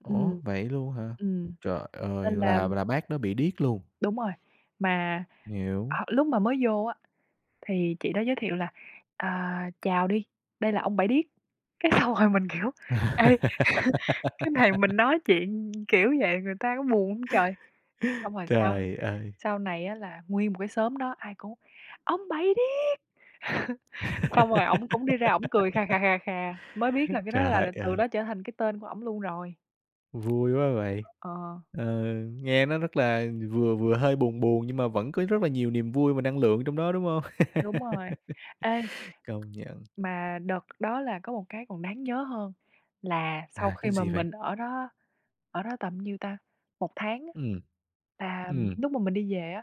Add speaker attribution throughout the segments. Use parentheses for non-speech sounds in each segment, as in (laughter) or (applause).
Speaker 1: Ừm.
Speaker 2: Ủa, vậy luôn hả?
Speaker 1: Ừm,
Speaker 2: Trời ơi,
Speaker 1: nên là
Speaker 2: là là bác đó bị điếc luôn?
Speaker 1: Đúng rồi, mà
Speaker 2: Hiểu.
Speaker 1: họ lúc mà mới vô á, thì chị đó giới thiệu là "Ờ, chào đi, đây là ông Bảy Điếc", cái xong rồi mình, kiểu: "Ê, (chuckles) cái này mình
Speaker 2: (laughs)
Speaker 1: nói chuyện, kiểu, vậy người ta có buồn hông trời?" Xong rồi sau
Speaker 2: Trời ơi.
Speaker 1: sau này á, là nguyên một cái xóm đó ai cũng: "Ông Bảy Điếc!", (chuckles) xong rồi ổng cũng đi ra ổng cười khà khà,
Speaker 2: (laughs)
Speaker 1: khà khà, mới biết là cái đó
Speaker 2: Trời
Speaker 1: là từ
Speaker 2: ơi.
Speaker 1: đó trở thành cái tên của ổng luôn rồi.
Speaker 2: Vui quá vậy.
Speaker 1: Ờ.
Speaker 2: Ờ, nghe nó rất là vừa vừa hơi buồn buồn, nhưng mà vẫn có rất là nhiều niềm vui và năng lượng trong đó, đúng hông?
Speaker 1: Đúng rồi. Ê
Speaker 2: (laughs) Công nhận.
Speaker 1: Mà đợt đó là có một cái còn đáng nhớ hơn là sau
Speaker 2: À,
Speaker 1: khi
Speaker 2: cái
Speaker 1: mà
Speaker 2: gì vậy?
Speaker 1: mình ở đó ở đó tầm bao nhiêu ta? 1 tháng á,
Speaker 2: Ừm.
Speaker 1: là
Speaker 2: Ừm.
Speaker 1: lúc mà mình đi về á,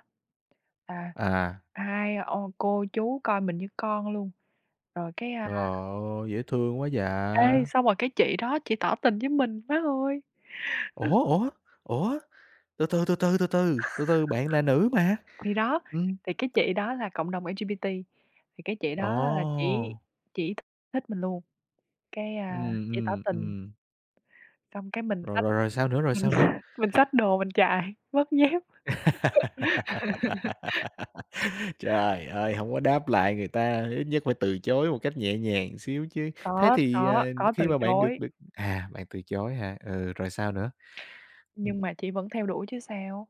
Speaker 1: à,
Speaker 2: À.
Speaker 1: hai ô cô chú coi mình như con luôn, rồi cái, a
Speaker 2: Trời ơi, dễ thương quá
Speaker 1: Ê,
Speaker 2: vậy!
Speaker 1: xong rồi cái chị đó chỉ tỏ tình với mình, má ơi. Ơ.
Speaker 2: Ủa, ủa, ủa, từ từ, từ từ, từ từ, từ từ, bạn là nữ mà?
Speaker 1: (chuckles) Thì đó,
Speaker 2: Ừm.
Speaker 1: thì cái chị đó là cộng đồng LGBT thì cái chị đó là chỉ
Speaker 2: Ồ!
Speaker 1: chỉ th thích mình luôn, cái, a,
Speaker 2: Ừm,
Speaker 1: chỉ tỏ
Speaker 2: ừm,
Speaker 1: tình.
Speaker 2: ừm.
Speaker 1: Xong cái mình
Speaker 2: Rồi
Speaker 1: xách
Speaker 2: rồi rồi sao nữa? Rồi
Speaker 1: mình
Speaker 2: sao nữa?
Speaker 1: (laughs) xách mình xách đồ mình chạy mất dép. (laughs)
Speaker 2: (laughs) Trời ơi, hổng có đáp lại người ta, ít nhất phải từ chối một cách nhẹ nhàng xíu chứ. Thế
Speaker 1: Có,
Speaker 2: thì,
Speaker 1: có,
Speaker 2: à,
Speaker 1: có từ
Speaker 2: khi mà bạn được
Speaker 1: chối.
Speaker 2: được à, bạn từ chối hả? Ừ, rồi sao nữa?
Speaker 1: Nhưng
Speaker 2: Ừm.
Speaker 1: mà chỉ vẫn theo đuổi chứ sao.